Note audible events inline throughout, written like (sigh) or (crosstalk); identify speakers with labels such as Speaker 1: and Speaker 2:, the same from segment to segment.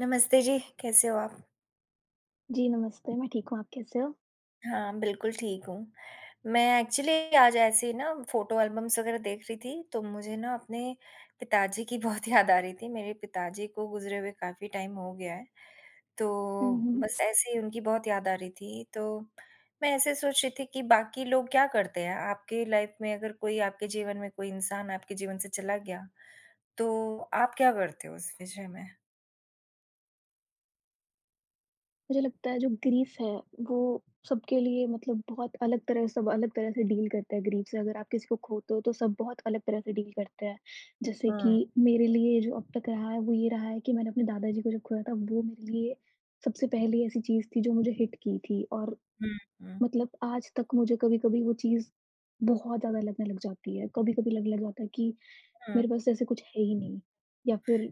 Speaker 1: नमस्ते जी, कैसे हो आप?
Speaker 2: जी, नमस्ते मैं ठीक हूँ आप कैसे हो?
Speaker 1: हाँ, बिल्कुल ठीक हूँ। मैं एक्चुअली आज ऐसे ही ना फ़ोटो एल्बम्स वगैरह देख रही थी। तो मुझे ना अपने पिताजी की बहुत याद आ रही थी। मेरे पिताजी को गुज़रे हुए काफ़ी टाइम हो गया है। तो
Speaker 2: हुँ, हुँ।
Speaker 1: बस ऐसे ही उनकी बहुत याद आ रही थी तो मैं ऐसे सोच रही थी कि बाकी लोग क्या करते हैं? आपके लाइफ़ में अगर कोई आपके जीवन में कोई इंसान आपके जीवन से चला गया। तो आप क्या करते हो इस विषय में?
Speaker 2: मुझे लगता है जो ग्रीफ़ है वो सबके लिए मतलब बहुत अलग तरह सब अलग तरह से डील करते हैं ग्रीफ़ से। अगर आप किसी को खोते हो तो सब बहुत अलग तरह से डील करते हैं। जैसे कि
Speaker 1: हुँ।
Speaker 2: मेरे लिए जो अब तक रहा है वो ये रहा है कि मैंने अपने दादा जी को जब खोया था वो मेरे लिए सबसे पहली ऐसी चीज़ थी। जो मुझे हिट की थी। और
Speaker 1: हुँ, हुँ।
Speaker 2: मतलब आज तक मुझे कभी-कभी वो चीज़ बहुत ज़्यादा लगने लग जाती है। कभी-कभी लगने लग जाता है कि मेरे
Speaker 1: हुँ।
Speaker 2: पास जैसे कुछ है ही नहीं या फ़िर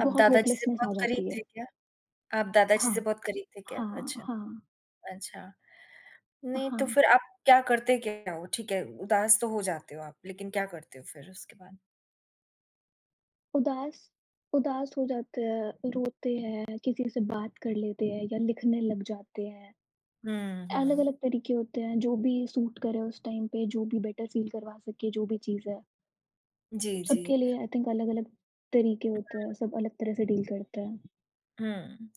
Speaker 1: आप
Speaker 2: बहुत
Speaker 1: दादा जी से
Speaker 2: होपलेस्नेस आ
Speaker 1: बहुत करीब
Speaker 2: जाती
Speaker 1: थे
Speaker 2: है।
Speaker 1: क्या? आप दादा जी से
Speaker 2: हाँ।
Speaker 1: बहुत करीब थे क्या?
Speaker 2: हाँ,
Speaker 1: अच्छा,
Speaker 2: हाँ।
Speaker 1: अच्छा।
Speaker 2: अ,
Speaker 1: नहीं, तो
Speaker 2: हाँ।
Speaker 1: फ़िर आप क्या करते क्या हो? ठीक है उदास तो हो जाते हो आप लेकिन क्या करते हो फ़िर उसके बाद?
Speaker 2: उदास उदास हो जाते हैं, रोते हैं, किसी से बात कर लेते हैं या लिखने लग जाते हैं।
Speaker 1: हुँ, हुँ।
Speaker 2: अलग-अलग तरीके होते हैं, जो भी सूट करे उस टाइम पे, जो भी बेटर फ़ील करवा सके, जो भी चीज़ है।
Speaker 1: जी, जी।
Speaker 2: सबके लिए आई थिंक अलग-अलग तरीके होते हैं, सब अलग तरह से डील करते हैं।
Speaker 1: हुँ।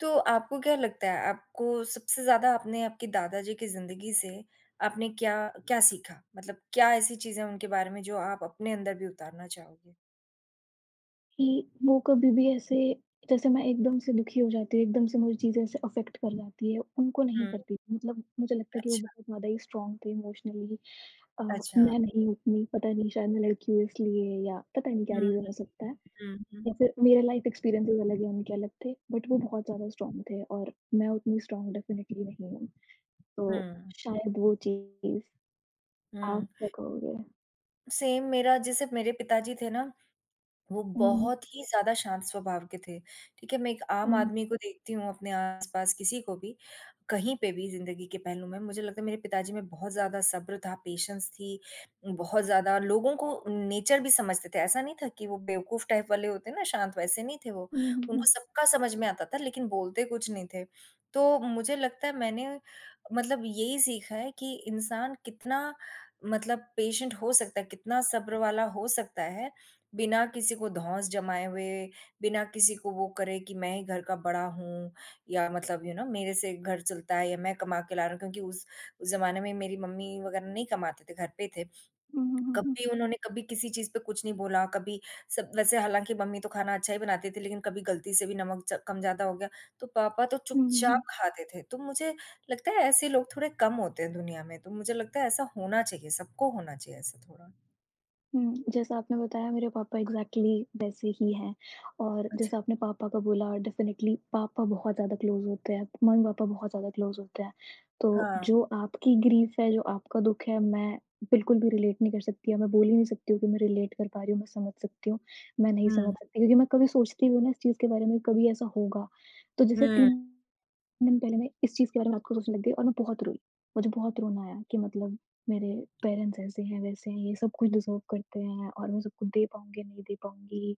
Speaker 1: तो आपको क्या लगता है, आपको सबसे ज़्यादा आपने आपके दादा जी की ज़िंदगी से आपने क्या क्या सीखा, मतलब क्या ऐसी चीज़ें हैं उनके बारे में जो आप अपने अंदर भी उतारना चाहोगे?
Speaker 2: कि वो कभी-भी ऐसे जैसे मैं एकदम से दुखी हो जाती हूँ, एकदम से मुझे चीज़ें ऐसे अफेक्ट कर जाती हैं, उनको नहीं
Speaker 1: हुँ।
Speaker 2: करती थी, मतलब मुझे लगता है कि वो
Speaker 1: अच्छा।
Speaker 2: बहुत ज़्यादा ही स्ट्रॉन्ग थे इमोशनली अ,
Speaker 1: अच्छा।
Speaker 2: मैं नहीं हूँ उतनी, पता नहीं शायद मैं लड़की हुई इसलिए या पता नहीं क्या
Speaker 1: हुँ,
Speaker 2: रीजन
Speaker 1: हुँ।
Speaker 2: हो सकता है
Speaker 1: हुँ, हुँ।
Speaker 2: या फिर मेरा लाइफ़ एक्सपीरियंसेस अलग हैं, उनके अलग थे, बट वो बहुत ज़्यादा स्ट्रॉन्ग थे और मैं उतनी स्ट्रॉन्ग डेफ़िनेटली नहीं हूँ, तो
Speaker 1: हुँ।
Speaker 2: शायद वो चीज़ हाँ,
Speaker 1: हुँ।
Speaker 2: (unintelligible)
Speaker 1: सेम मेरा, जैसे मेरे पिता जी थे ना, वो
Speaker 2: उहुँ।
Speaker 1: बहुत ही ज़्यादा शांत स्वभाव के थे, ठीक है, मैं एक आम
Speaker 2: उहुँ।
Speaker 1: आदमी को देखती हूँ अपने आस-पास, किसी को भी कहीं पे भी ज़िंदगी के पहलू में, मुझे लगता है मेरे पिता जी में बहुत ज़्यादा सब्र था, पेशेंस थी, बहुत ज़्यादा लोगों को नेचर भी समझते थे, ऐसा नहीं था कि वो बेवकूफ़ टाइप वाले होते ना शांत, वैसे नहीं थे वो,
Speaker 2: उहुँ, हुँ,
Speaker 1: उनको
Speaker 2: हुँ।
Speaker 1: सबका समझ में आता था लेकिन बोलते कुछ नहीं थे। तो मुझे लगता है मैंने मतलब यही सीखा है कि इंसान कितना मतलब पेशेंट हो सकता है, कितना सब्र वाला हो सकता है, बिना किसी को धौंस जमाए हुए, बिना किसी को वो करे कि मैं ही घर का बड़ा हूँ या मतलब यू नो मेरे से घर चलता है या मैं कमा के ला रहा हूँ क्योंकि उस उस ज़माने में मेरी मम्मी वग़ैरह नहीं कमा थे, घर पे थे,
Speaker 2: उहुँ। हुँ, हुँ, हुँ।
Speaker 1: कभी उन्होंने कभी किसी चीज़ पे कुछ नहीं बोला, कभी सब वैसे हालाँकि मम्मी तो खाना अच्छा ही बनाती थी लेकिन कभी गलती से भी नमक च कम ज़्यादा हो गया तो पापा तो
Speaker 2: उहुँ, हुँ,
Speaker 1: चुपचाप
Speaker 2: हुँ।
Speaker 1: खाते थे। तो मुझे लगता है ऐसे लोग थोड़े कम होते हैं दुनिया में, तो मुझे लगता है ऐसा होना चाहिए सबको, होना चाहिए ऐसा थोड़ा।
Speaker 2: हुँ, जैसा आपने बताया मेरे पापा एक्ज़ैक्टली वैसे ही हैं। और
Speaker 1: अच्छा।
Speaker 2: जैसा आपने पापा का बोला डेफ़िनिटली पापा बहुत ज़्यादा क्लोज़ होते हैं, मम्मी-पापा बहुत ज़्यादा क्लोज़ होते हैं। तो
Speaker 1: हाँ।
Speaker 2: जो आपकी ग्रीफ़ है, जो आपका दुःख है मैं बिल्कुल भी रिलेट नहीं कर सकती। या मैं बोल ही नहीं सकती हूँ कि मैं रिलेट कर पा रही हूँ, मैं समझ सकती हूँ, मैं नहीं
Speaker 1: हुँ।
Speaker 2: समझ सकती हूँ। लेकिन मैं कभी सोचती भी हूँ ना इस चीज़ के बारे में कभी ऐसा होगा। तो जैसे
Speaker 1: हुँ।
Speaker 2: 3 दिन पहले मैं इस चीज़ के बारे में रात को सोचने लग गई और मैं बहुत रोई। मुझे बहुत रोना आया कि मतलब मेरे पेरेंट्स ऐसे हैं, वैसे हैं, ये सब कुछ डिज़र्व करते हैं और मैं सब कुछ दे पाऊँगी या नहीं दे पाऊँगी।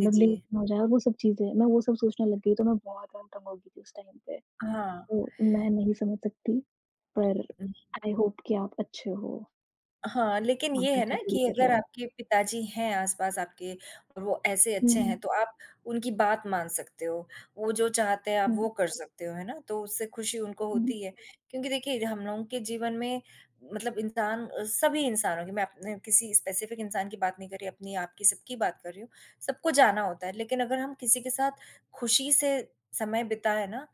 Speaker 1: जी,
Speaker 2: लेट
Speaker 1: जी।
Speaker 2: ना हो जाए और वो सब चीज़ें, मैं वो सब सोचने लग गई तो ना बहुत (unintelligible) हो गई थी उस टाइम पे।
Speaker 1: हाँ।
Speaker 2: तो मैं नहीं समझ सकती पर
Speaker 1: हुँ।
Speaker 2: आई होप कि आप अच्छे हो।
Speaker 1: हाँ, लेकिन
Speaker 2: हाँ,
Speaker 1: ये है
Speaker 2: बेटर
Speaker 1: ना
Speaker 2: फ़ील
Speaker 1: कि
Speaker 2: कर रहे
Speaker 1: अगर
Speaker 2: हो।
Speaker 1: आपके पिताजी हैं आस-पास आपके और वो ऐसे
Speaker 2: हुँ,
Speaker 1: अच्छे
Speaker 2: हुँ।
Speaker 1: हैं, तो आप उनकी बात मान सकते हो। वो जो चाहते हैं आप वो
Speaker 2: हुँ।
Speaker 1: कर सकते हो। है ना? तो उससे ख़ुशी उनको
Speaker 2: हुँ, हुँ।
Speaker 1: होती है क्योंकि देखिए हम लोगों के जीवन में मतलब इंसान अ, सभी इंसानो की मैं अपने किसी स्पेसिफिक इंसान की बात नहीं कर रही, अपनी, आपकी सबकी बात कर रही हूँ। सबको जाना होता है लेकिन अगर हम किसी के साथ ख़ुशी से समय बिताए ना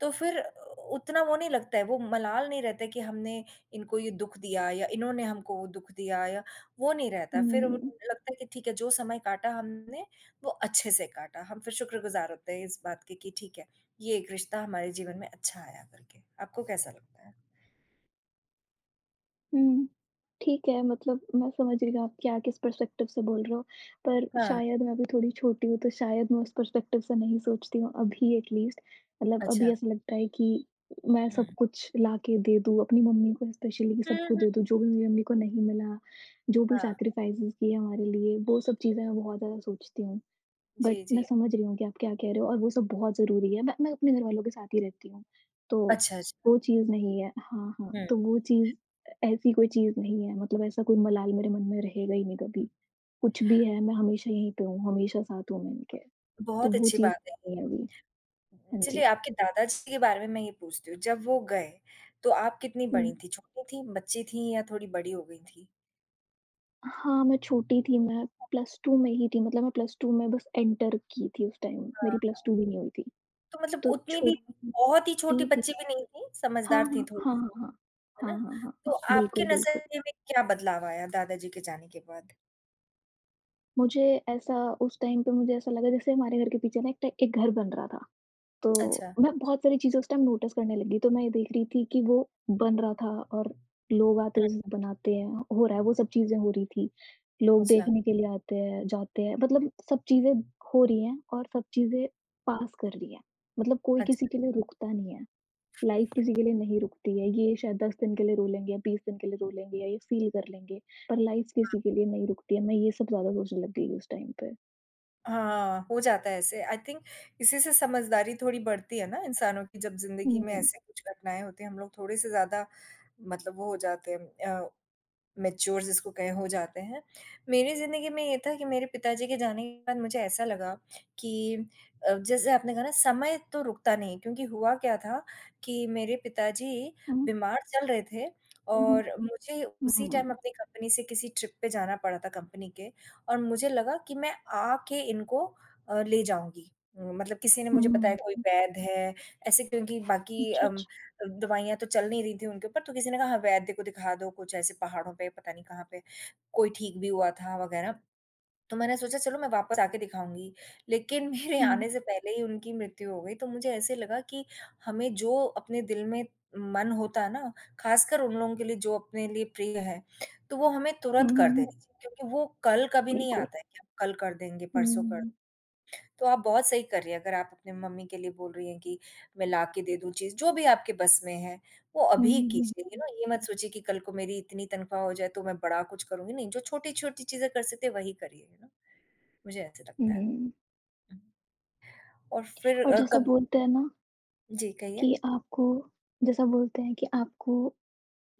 Speaker 1: तो फ़िर उ उतना वो नहीं लगता है। वो मलाल नहीं रहता है कि हमने इनको ये दुःख दिया या इन्होंने हमको वो दुःख दिया या वो नहीं रहता।
Speaker 2: हुँ,
Speaker 1: फ़िर वो
Speaker 2: हुँ।
Speaker 1: लगता है कि ठीक है जो समय काटा हमने वो अच्छे से काटा। हम फ़िर शुक्रगुज़ार होते हैं इस बात के कि ठीक है ये एक रिश्ता हमारे जीवन में अच्छा आया करके। आपको कैसा लगता है?
Speaker 2: हुँ। ठीक है, मतलब मैं समझ रही हूँ कि आप क्या, किस पर्सपेक्टिव से बोल रहे हो, पर
Speaker 1: हाँ।
Speaker 2: शायद मैं अभी थोड़ी छोटी हूँ, तो शायद मैं उस पर्सपेक्टिव से नहीं सोचती हूँ अभी अटलिस्ट, मतलब अभी
Speaker 1: अच्छा।
Speaker 2: ऐसा लगता है कि मैं सब
Speaker 1: हुँ।
Speaker 2: कुछ ला के दे दूँ, अपनी मम्मी को स्पेशली कि सब
Speaker 1: हुँ,
Speaker 2: कुछ
Speaker 1: हुँ।
Speaker 2: दे दूँ, जो भी मेरी मम्मी को नहीं मिला, जो भी
Speaker 1: हाँ।
Speaker 2: सैक्रिफाइज़ किए हमारे लिए वो सब चीज़ें मैं बहुत ज़्यादा सोचती हूँ, बट
Speaker 1: जी,
Speaker 2: मैं
Speaker 1: जी।
Speaker 2: समझ रही हूँ कि आप क्या कह रहे हो और वो सब बहुत ज़रूरी है, मैं मैं अपने घरवालों के साथ ही रहती हूँ, तो
Speaker 1: अच्छा, अच्छा।
Speaker 2: वो चीज़ नहीं है। हाँ, हाँ।
Speaker 1: हुँ।
Speaker 2: तो वो चीज़ ऐसी कोई चीज़ नहीं है, मतलब ऐसा कोई मलाल मेरे मन में रहेगा ही नहीं कभी, कुछ भी है मैं हमेशा यहीं पे हूँ, हमेशा साथ हूँ, मैं इनके, तो
Speaker 1: बहुत
Speaker 2: वो
Speaker 1: अच्छी
Speaker 2: चीज़
Speaker 1: बात है
Speaker 2: नहीं है अभी,
Speaker 1: ये।
Speaker 2: हाँ
Speaker 1: चलिए
Speaker 2: जी।
Speaker 1: आपके दादाजी के बारे में, मैं ये पूछती हूँ, जब वो गए तो आप कितनी बड़ी
Speaker 2: हुँ।
Speaker 1: थीं, छोटी थीं, बच्ची थीं या थोड़ी बड़ी हो गई थीं?
Speaker 2: हाँ, मैं छोटी थी, मैं प्लस 2 में ही थी मतलब मैं प्लस 2 में बस एंटर की थी उस टाइम,
Speaker 1: हाँ,
Speaker 2: मेरी प्लस
Speaker 1: हाँ।
Speaker 2: 2 भी नहीं हुई थी,
Speaker 1: तो मतलब
Speaker 2: तो
Speaker 1: उतनी भी
Speaker 2: छोटी
Speaker 1: बहुत ही छोटी
Speaker 2: थी।
Speaker 1: बच्ची भी नहीं थी,
Speaker 2: हाँ,
Speaker 1: समझदार थीं,
Speaker 2: हाँ,
Speaker 1: थोड़ी-सी,
Speaker 2: हाँ, हाँ।
Speaker 1: है
Speaker 2: हाँ,
Speaker 1: ना?
Speaker 2: हाँ, हाँ, हाँ।
Speaker 1: तो आपके
Speaker 2: बिल्कुल, बिल्कुल।
Speaker 1: नज़रिए में क्या बदलाव आया दादाजी के जाने के बाद?
Speaker 2: मुझे ऐसा उस टाइम पे मुझे ऐसा लगा जैसे हमारे घर के पीछे ना एक ट एक घर बन रहा था, तो
Speaker 1: अच्छा।
Speaker 2: मैं बहुत सारी चीज़ों उस टाइम नोटिस करने लग गई, तो मैं ये देख रही थी कि वो बन रहा था और लोग आते
Speaker 1: हुँ।
Speaker 2: उसे बनाते हैं हो रहा है, वो सब चीज़ें हो रही थी। लोग
Speaker 1: अच्छा।
Speaker 2: देखने के लिए आते हैं, जाते हैं मतलब सब चीज़ें हो रही हैं और सब चीज़ें पास कर रही हैं, मतलब कोई
Speaker 1: अच्छा।
Speaker 2: किसी के लिए रुकता नहीं है, लाइफ़ किसी के लिए नहीं रुकती है। ये शायद 10 दिन के लिए रो लेंगे या 20 दिन के लिए रो लेंगे या ये फ़ील कर लेंगे, पर लाइफ़
Speaker 1: हाँ।
Speaker 2: किसी के लिए नहीं रुकती है। मैं ये सब ज़्यादा सोचने लग गई उस टाइम पे।
Speaker 1: हाँ, हो जाता है ऐसे, आई थिंक इसी से समझदारी थोड़ी बढ़ती है ना इंसानों की जब ज़िंदगी में
Speaker 2: हुँ।
Speaker 1: ऐसे कुछ घटनाएँ होती हैं, हम लोग थोड़े-से ज़्यादा मतलब वो हो जाते हैं अ, मैच्योर जिसको कहें हो जाते हैं। मेरी ज़िंदगी में ये था कि मेरे पिताजी के जाने के बाद मुझे ऐसा लगा कि अ, जैसे आपने कहा ना समय तो रुकता नहीं है, क्योंकि हुआ क्या था कि मेरे पिताजी
Speaker 2: हुँ।
Speaker 1: बीमार चल रहे थे
Speaker 2: उहुँ।
Speaker 1: और मुझे
Speaker 2: हुँ, हुँ,
Speaker 1: उसी
Speaker 2: हुँ,
Speaker 1: टाइम
Speaker 2: हुँ।
Speaker 1: अपनी कंपनी से किसी ट्रिप पे जाना पड़ा था कंपनी के और मुझे लगा कि मैं आके इनको अ, ले जाऊँगी, मतलब किसी ने
Speaker 2: हुँ,
Speaker 1: मुझे
Speaker 2: हुँ,
Speaker 1: बताया
Speaker 2: हुँ,
Speaker 1: कोई
Speaker 2: हुँ।
Speaker 1: वैध है, ऐसे क्योंकि बाकी
Speaker 2: अच्छा,
Speaker 1: अम
Speaker 2: अच्छा।
Speaker 1: अ, दवाइयाँ तो चल नहीं रही थी उनके ऊपर तो किसी ने कहा हाँ, वैध को दिखा दो कुछ ऐसे पहाड़ों पे पता नहीं कहाँ पे, कोई ठीक भी हुआ था वगैरह, तो मैंने सोचा चलो, मैं वापस आके दिखाऊँगी, लेकिन मेरे
Speaker 2: हुँ।
Speaker 1: आने से पहले ही उनकी मृत्यु हो गई तो मुझे ऐसे लगा कि हमें जो अपने दिल में मन होता है ना, ख़ासकर उन लोगों के लिए जो अपने लिए प्रिय हैं, तो वो हमें तुरंत
Speaker 2: हुँ,
Speaker 1: कर
Speaker 2: हुँ,
Speaker 1: देने
Speaker 2: हुँ।
Speaker 1: चाहिए क्योंकि वो कल कभी नहीं
Speaker 2: बिल्कुल।
Speaker 1: आता है कि हम कल कर देंगे, परसों कर
Speaker 2: हुँ।
Speaker 1: तो आप बहुत सही कर रही हैं अगर आप अपने मम्मी के लिए बोल रही हैं कि मैं लाके दे दूँ चीज़। जो भी आपके बस में है, वो
Speaker 2: हुँ,
Speaker 1: अभी
Speaker 2: हुँ,
Speaker 1: ही
Speaker 2: हुँ, हुँ,
Speaker 1: कीजिए यू
Speaker 2: हुँ।
Speaker 1: नो? ये मत सोचिए कि कल को मेरी इतनी तनख़्वाह हो जाए तो मैं बड़ा कुछ करूँगी। नहीं, जो छोटी-छोटी चीज़ें कर सकते वही करिए, मुझे ऐसे
Speaker 2: हुँ,
Speaker 1: लगता है।
Speaker 2: हुँ।
Speaker 1: और फिर
Speaker 2: और
Speaker 1: अ,
Speaker 2: जैसा
Speaker 1: कब
Speaker 2: बोलते हैं ना
Speaker 1: जी, कहिए।
Speaker 2: कि आपको जैसा बोलते हैं कि आपको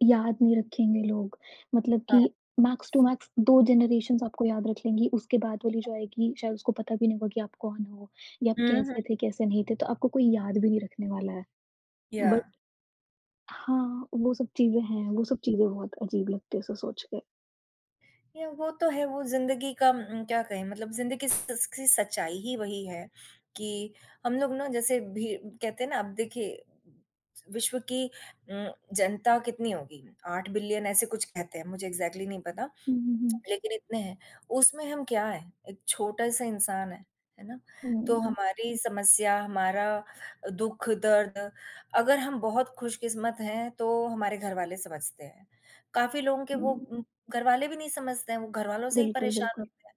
Speaker 2: याद नहीं रखेंगे लोग मतलब
Speaker 1: हाँ।
Speaker 2: कि मैक्स टू मैक्स 2 जनेरेशन्स आपको याद रख लेंगी, उसके बाद वाली जो आएगी, शायद उसको पता भी नहीं होगा कि आप कौन हो या आप
Speaker 1: हुँ, हुँ।
Speaker 2: कैसे थे, कैसे नहीं थे। तो आपको कोई याद भी नहीं रखने वाला है। बट
Speaker 1: या
Speaker 2: हाँ, वो सब चीज़ें हैं, वो सब चीज़ें बहुत अजीब लगती हैं ऐसे सोच के।
Speaker 1: ये वो तो है, वो ज़िंदगी का उम, क्या कहें मतलब ज़िंदगी स स सच्चाई ही वही है कि हम लोग ना जैसे भी कहते हैं ना, अब देखिए विश्व की उम, जनता कितनी होगी? 8 बिलियन ऐसे कुछ कहते हैं, मुझे एग्ज़ैक्टली नहीं पता,
Speaker 2: हुँ, हुँ, हुँ।
Speaker 1: (smacks lips) लेकिन इतने हैं, उसमें हम क्या है, एक छोटा-सा इंसान हैं, है ना? तो
Speaker 2: हुँ, हुँ।
Speaker 1: हमारी समस्या, हमारा अ, दुःख-दर्द अगर हम बहुत खुशकिस्मत हैं तो हमारे घरवाले समझते हैं, काफ़ी लोगों के वो
Speaker 2: हुँ।
Speaker 1: उम, घरवाले भी नहीं समझते हैं, वो घरवालों से ही
Speaker 2: बिल्कुल,
Speaker 1: परेशान
Speaker 2: बिल्कुल।
Speaker 1: होते हैं,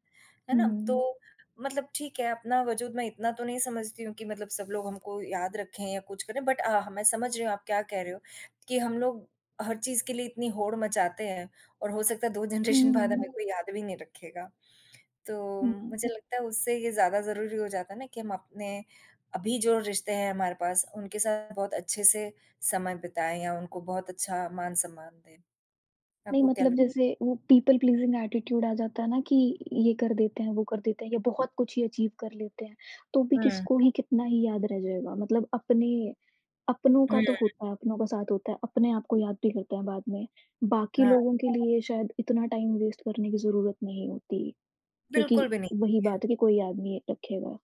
Speaker 1: है
Speaker 2: हुँ,
Speaker 1: ना?
Speaker 2: हुँ, हुँ।
Speaker 1: तो मतलब ठीक है अपना वज़ूद मैं इतना तो नहीं समझती हूँ कि मतलब सब लोग हमको याद रखें या कुछ करें, बट अ, ह मैं समझ रहे हैं आप क्या कह रहे हो कि हम लोग हर चीज़ के लिए इतनी होड़ मचाते हैं और हो सकता है 2 जनरेशन
Speaker 2: हुँ, हुँ,
Speaker 1: बाद
Speaker 2: हुँ।
Speaker 1: हमें कोई याद भी नहीं रखेगा। तो
Speaker 2: हुँ, हुँ।
Speaker 1: मुझे लगता है उससे ये ज़्यादा ज़रूरी हो जाता है ना कि हम अपने अभी जो रिश्ते हैं हमारे पास, उनके साथ बहुत अच्छे से समय बिताएँ या उनको बहुत अच्छा मान-सम्मान दें,
Speaker 2: नहीं,
Speaker 1: आपको क्या
Speaker 2: मतलब
Speaker 1: लग
Speaker 2: जैसे वो पीपल प्लीज़िंग एटीट्यूड आ जाता है ना कि ये कर देते हैं, वो कर देते हैं या बहुत कुछ ही अचीव कर लेते हैं, तो भी
Speaker 1: हुँ।
Speaker 2: किसको ही, कितना ही याद रह जाएगा? मतलब अपने अपनों का
Speaker 1: हुँ।
Speaker 2: तो होता है, अपनों का साथ होता है, अपने आप को याद भी करते हैं बाद में, बाकी
Speaker 1: हाँ।
Speaker 2: लोगों के लिए शायद इतना टाइम वेस्ट करने की ज़रूरत नहीं होती क्योंकि
Speaker 1: बिल्कुल भी नहीं
Speaker 2: वही
Speaker 1: होती है।
Speaker 2: बात है कि कोई याद नहीं रखेगा।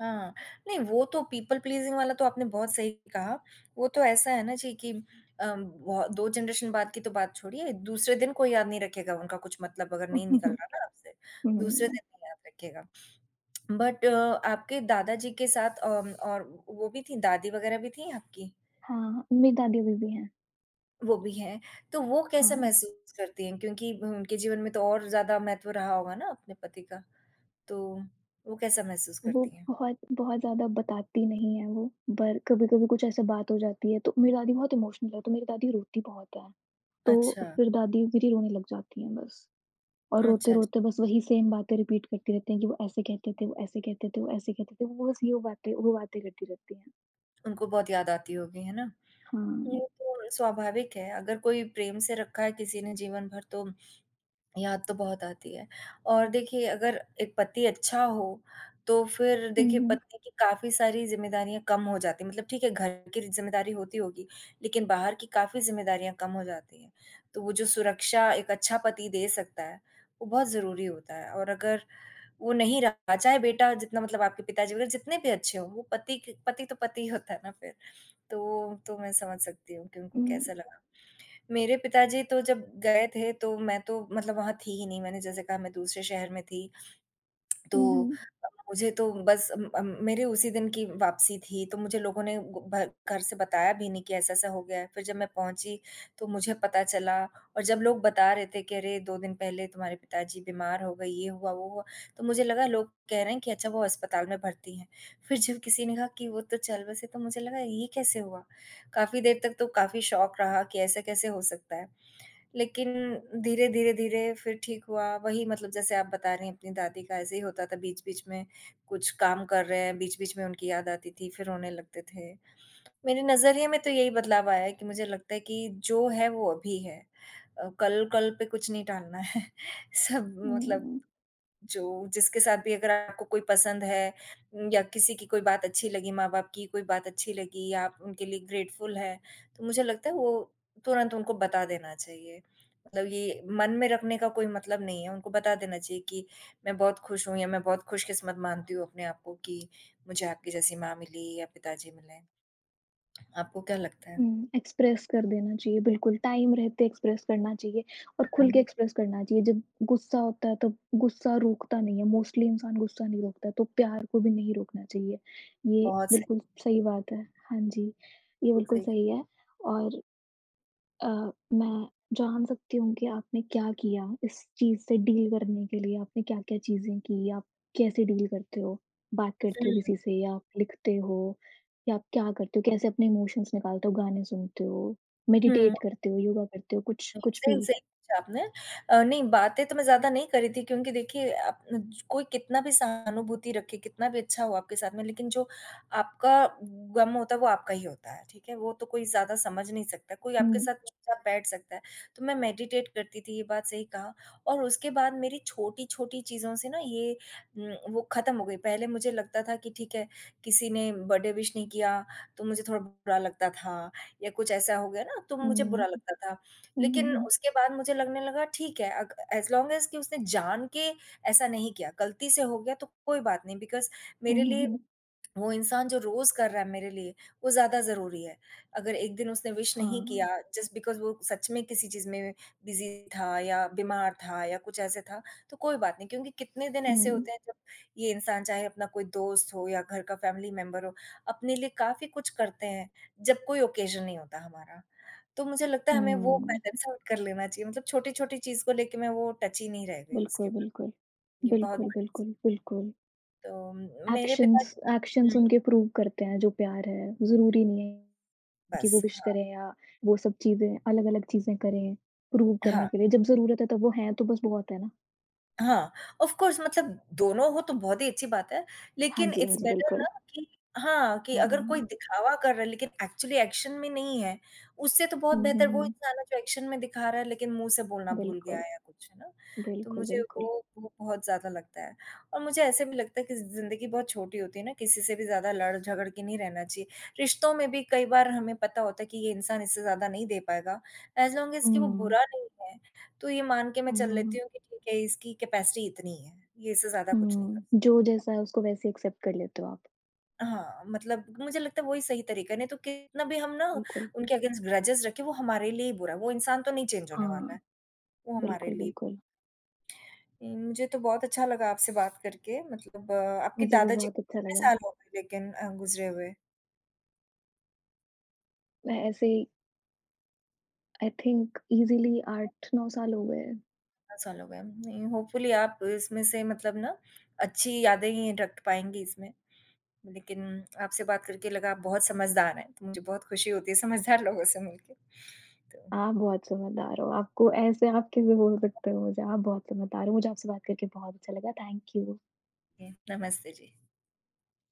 Speaker 1: हाँ, नहीं वो तो पीपल प्लीज़िंग वाला तो आपने बहुत सही कहा, वो तो ऐसा है ना जी कि अम, बहु 2 जनरेशन बाद की तो बात छोड़िए, दूसरे दिन कोई याद नहीं रखेगा, उनका कुछ मतलब अगर नहीं
Speaker 2: उहुँ,
Speaker 1: निकल
Speaker 2: हुँ।
Speaker 1: रहा ना आपसे, दूसरे
Speaker 2: हुँ।
Speaker 1: दिन नहीं याद रखेगा, बट आपके दादा जी के साथ अ, और वो भी थीं दादी वग़ैरह भी थीं आपकी?
Speaker 2: हाँ, मेरी दादी अभी-भी हैं।
Speaker 1: वो भी हैं, तो वो कैसा
Speaker 2: हाँ।
Speaker 1: महसूस करती हैं, क्योंकि उनके जीवन में तो और ज़्यादा महत्व रहा होगा ना अपने पति का, तो वो कैसा महसूस
Speaker 2: वो
Speaker 1: करती हैं?
Speaker 2: बहुत बहुत ज़्यादा बताती नहीं है, वो बर कभी-कभी कुछ ऐसा बात हो जाती है तो मेरी दादी बहुत इमोशनल है, तो मेरी दादी रोती बहुत है, तो
Speaker 1: अच्छा।
Speaker 2: फिर दादी मेरी रोने लग जाती हैं बस और
Speaker 1: अच्छा, अच्छ
Speaker 2: रोते-रोते बस वही सेम बातें रिपीट करती रहती हैं कि, "वो ऐसे कहते थे वो ऐसे कहते थे वो ऐसे कहते थे" वो बस यो बातें वो बातें करती रहती हैं।
Speaker 1: उनको बहुत याद आती होगी, है ना? ये
Speaker 2: हाँ।
Speaker 1: तो स्वाभाविक है, अगर कोई प्रेम से रखा है किसी ने जीवन भर तो याद तो बहुत आती है और देखिए अगर एक पति अच्छा हो, तो फिर
Speaker 2: हुँ,
Speaker 1: देखिए
Speaker 2: हुँ।
Speaker 1: पत्नी की काफ़ी सारी ज़िम्मेदारियाँ कम हो जाती हैं, मतलब ठीक है, घर की ज़िम्मेदारी होती होगी लेकिन बाहर की काफ़ी ज़िम्मेदारियाँ कम हो जाती हैं, तो वो जो सुरक्षा एक अच्छा पति दे सकता है, वो बहुत ज़रूरी होता है और अगर वो नहीं रहा चाहे बेटा जितना मतलब आपके पिताजी वग़ैरह जितने भी अच्छे हों, वो पति के पति तो पति ही होता है ना फिर, तो तो मैं समझ सकती हूँ कि उनको
Speaker 2: हुँ।
Speaker 1: कैसा लगा। मेरे पिताजी तो जब गए थे तो मैं तो मतलब वहाँ थी ही नहीं, मैंने जैसे कहा मैं दूसरे शहर में थी,
Speaker 2: हुँ,
Speaker 1: तो
Speaker 2: हुँ।
Speaker 1: अ, मुझे तो बस अम अम, मेरे उसी दिन की वापसी थी, तो मुझे लोगों ने ब भर घर से बताया भी नहीं कि ऐसा-ऐसा हो गया है, फिर जब मैं पहुँची तो मुझे पता चला और जब लोग बता रहे थे कि, "अरे! 2 दिन पहले तुम्हारे पिताजी बीमार हो गए, ये हुआ, वो हुआ," तो मुझे लगा लोग कह रहे हैं कि अच्छा वो अस्पताल में भर्ती हैं, फिर जब किसी ने कहा कि वो तो चल बसे, तो मुझे लगा ये कैसे हुआ? काफ़ी देर तक तो काफ़ी शॉक रहा कि ऐसा कैसे हो सकता है, लेकिन धीरे, धीरे, धीरे फिर ठीक हुआ, वही मतलब जैसे आप बता रही हैं अपनी दादी का, ऐसे ही होता था, बीच-बीच में कुछ काम कर रहे हैं, बीच-बीच में उनकी याद आती थी, फिर रोने लगते थे। मेरे नज़रिए में तो यही बदलाव आया है कि मुझे लगता है कि जो है, वो अभी हैं अ, कल कल पे कुछ नहीं टालना है, सब मतलब
Speaker 2: हुँ।
Speaker 1: जो जिसके साथ भी अगर आपको कोई पसंद है या किसी की कोई बात अच्छी लगी, माँ-बाप की कोई बात अच्छी लगी, आप उनके लिए ग्रेटफुल है, तो मुझे लगता है वो तुरंत उनको बता देना चाहिए, मतलब ये मन में रखने का कोई मतलब नहीं है, उनको बता देना चाहिए कि, मैं बहुत खुश हूँ या मैं बहुत खुश किस्मत मानती हूँ अपने आप को कि मुझे आपकी जैसी माँ मिली या पिताजी मिले, आपको क्या लगता है?
Speaker 2: हुँ, एक्सप्रेस कर देना चाहिए, बिल्कुल टाइम रहते एक्सप्रेस करना चाहिए और खुल के
Speaker 1: हुँ।
Speaker 2: एक्सप्रेस करना चाहिए, जब गुस्सा होता है तब गुस्सा रोकता नहीं है, मोस्टली इंसान गुस्सा नहीं रोकता, तो प्यार को भी नहीं रोकना चाहिए, ये
Speaker 1: बहुत सही।
Speaker 2: बिल्कुल सही बात है। हाँ जी, ये
Speaker 1: कुल
Speaker 2: बिल्कुल
Speaker 1: सही।
Speaker 2: सही है और अ, मैं जान सकती हूँ कि आपने क्या किया इस चीज़ से डील करने के लिए, आपने क्या-क्या चीज़ें की, आप कैसे डील करते हो, बात करते हो
Speaker 1: हुँ।
Speaker 2: किसी से या लिखते हो या आप क्या करते हो, कैसे अपने इमोशंस निकालते हो, गाने सुनते हो,
Speaker 1: हुँ।
Speaker 2: मेडिटेट करते हो, योगा करते हो, कुछ
Speaker 1: हुँ,
Speaker 2: कुछ
Speaker 1: सही
Speaker 2: भी?
Speaker 1: सही पूछा आपने अ, नहीं बातें तो मैं ज़्यादा नहीं कर रही थी क्योंकि देखिए अब कोई कितना भी सहानुभूति रखे, कितना भी अच्छा हो आपके साथ में, लेकिन जो आपका ग़म होता है, वो आपका ही होता है, ठीक है? वो तो कोई ज़्यादा समझ नहीं सकता, कोई आपके
Speaker 2: हुँ।
Speaker 1: साथ चुपचाप बैठ सकता है, तो मैं मेडिटेट करती थी, ये बात सही कहा और उसके बाद मेरी छोटी-छोटी चीज़ों से ना ये उम, वो ख़त्म हो गई, पहले मुझे लगता था कि ठीक है, किसी ने बर्थडे विश नहीं किया तो मुझे थोड़ा बुरा लगता था या कुछ ऐसा हो गया ना तो मुझे बुरा
Speaker 2: हुँ।
Speaker 1: लगता था,
Speaker 2: हुँ, हुँ,
Speaker 1: लेकिन
Speaker 2: हुँ।
Speaker 1: उसके बाद मुझे लगने लगा ठीक है, अग एज़ लॉन्ग एज़ कि उसने जान के ऐसा नहीं किया, गलती से हो गया तो कोई बात नहीं बिकॉज़
Speaker 2: हुँ,
Speaker 1: मेरे
Speaker 2: हुँ,
Speaker 1: लिए
Speaker 2: हुँ।
Speaker 1: वो इंसान जो रोज़ कर रहा है मेरे लिए, वो ज़्यादा ज़रूरी है, अगर एक दिन उसने विश नहीं किया
Speaker 2: हाँ।
Speaker 1: जस्ट बिकॉज़ वो सच में किसी चीज़ में बिज़ी था या बीमार था या कुछ ऐसे था, तो कोई बात नहीं क्योंकि कितने दिन ऐसे
Speaker 2: हुँ।
Speaker 1: होते हैं जब ये इंसान चाहे अपना कोई दोस्त हो या घर का फ़ैमिली मेंबर हो, अपने लिए काफ़ी कुछ करते हैं, जब कोई ऑकेजन नहीं होता हमारा, तो मुझे लगता है हमें वो
Speaker 2: हुँ।
Speaker 1: पैटर्न सेट कर लेना चाहिए मतलब छोटी-छोटी चीज़ को लेके मैं वो टची नहीं रह गई उसके
Speaker 2: बिल्कुल,
Speaker 1: बाद,
Speaker 2: बिल्कुल।
Speaker 1: ये बहुत
Speaker 2: बिल्कुल,
Speaker 1: बड़ (unintelligible)
Speaker 2: बिल्कुल, बिल्कुल।
Speaker 1: तो, मेरे
Speaker 2: एक्शंस
Speaker 1: पिताजी को हुँ।
Speaker 2: एक्शंस उनके प्रूफ़ करते हैं जो प्यार है, ज़रूरी नहीं है कि वो
Speaker 1: बस,
Speaker 2: विश
Speaker 1: हाँ।
Speaker 2: करें या वो सब चीज़ें अलग-अलग चीज़ें करें प्रूव करने
Speaker 1: हाँ।
Speaker 2: के लिए, जब ज़रूरत है तब वो हैं, तो बस बहुत है ना।
Speaker 1: हाँ, ऑफ़ कोर्स मतलब दोनों हो तो बहुत ही अच्छी बात है,
Speaker 2: हाँ
Speaker 1: लेकिन
Speaker 2: जी, हाँ
Speaker 1: इट्स
Speaker 2: जी।
Speaker 1: बेटर ना
Speaker 2: बिल्कुल।
Speaker 1: कि हाँ, कि
Speaker 2: हाँ,
Speaker 1: अगर कोई
Speaker 2: हाँ।
Speaker 1: दिखावा कर रहा है लेकिन एक्चुअली एक्शन में नहीं है, उससे तो बहुत
Speaker 2: हुँ, हुँ,
Speaker 1: बेहतर वो
Speaker 2: हुँ।
Speaker 1: इंसान जो एक्शन में दिखा रहा है लेकिन मुँह से बोलना भूल गया
Speaker 2: बिल्कुल।
Speaker 1: है या कुछ, है ना? तो
Speaker 2: बिल्कुल,
Speaker 1: मुझे
Speaker 2: बिल्कुल।
Speaker 1: वो वो बहुत ज़्यादा लगता है और मुझे ऐसे भी लगता है कि ज़िंदगी बहुत छोटी होती है ना, किसी से भी ज़्यादा लड़-झगड़ के नहीं रहना चाहिए, रिश्तों में भी कई बार हमें पता होता है कि ये इंसान इससे ज़्यादा नहीं दे पाएगा, एज लॉन्ग एज कि वो
Speaker 2: हुँ।
Speaker 1: बुरा नहीं है, तो ये मान के मैं
Speaker 2: हुँ,
Speaker 1: चल
Speaker 2: हुँ, हुँ।
Speaker 1: लेती हूँ कि ठीक है इसकी कैपेसिटी इतनी ही है, ये इससे ज़्यादा कुछ नहीं कर
Speaker 2: हुँ,
Speaker 1: सकता।
Speaker 2: जो जैसा है उसको वैसे एक्सेप्ट कर लेते हो आप।
Speaker 1: हाँ, मतलब मुझे लगता है वही सही तरीका है, नहीं तो कितना भी हम ना
Speaker 2: बिल्कुल।
Speaker 1: उनके अगैन्स्ट ग्रेजेस रखें, वो हमारे लिए ही बुरा है, वो इंसान तो नहीं चेंज होने
Speaker 2: हाँ।
Speaker 1: वाला है, वो हमारे
Speaker 2: बिल्कुल,
Speaker 1: लिए
Speaker 2: बिल्कुल।
Speaker 1: मुझे तो बहुत अच्छा लगा आपसे बात करके मतलब आपके
Speaker 2: मुझे भी
Speaker 1: दादाजी को
Speaker 2: बहुत अच्छा
Speaker 1: कितने
Speaker 2: लगा।
Speaker 1: साल हो गए लेकिन अ, गुज़रे हुए?
Speaker 2: मैं ऐसे ही आई थिंक ईज़ीली 8-9 साल हो गए हैं।
Speaker 1: बहुत साल हो गए अब, नहीं, होपफुली आप इसमें से मतलब ना अच्छी यादें ही रख पाएँगी इसमें, लेकिन आपसे बात करके लगा आप बहुत समझदार हैं, तो मुझे बहुत खुशी होती है समझदार लोगों से मिलके, तो
Speaker 2: आप बहुत समझदार हो, आपको ऐसे आप कैसे बोल सकते हो मुझे, आप बहुत समझदार हो, मुझे आपसे बात करके बहुत अच्छा लगा, थैंक यू।
Speaker 1: जी, नमस्ते जी।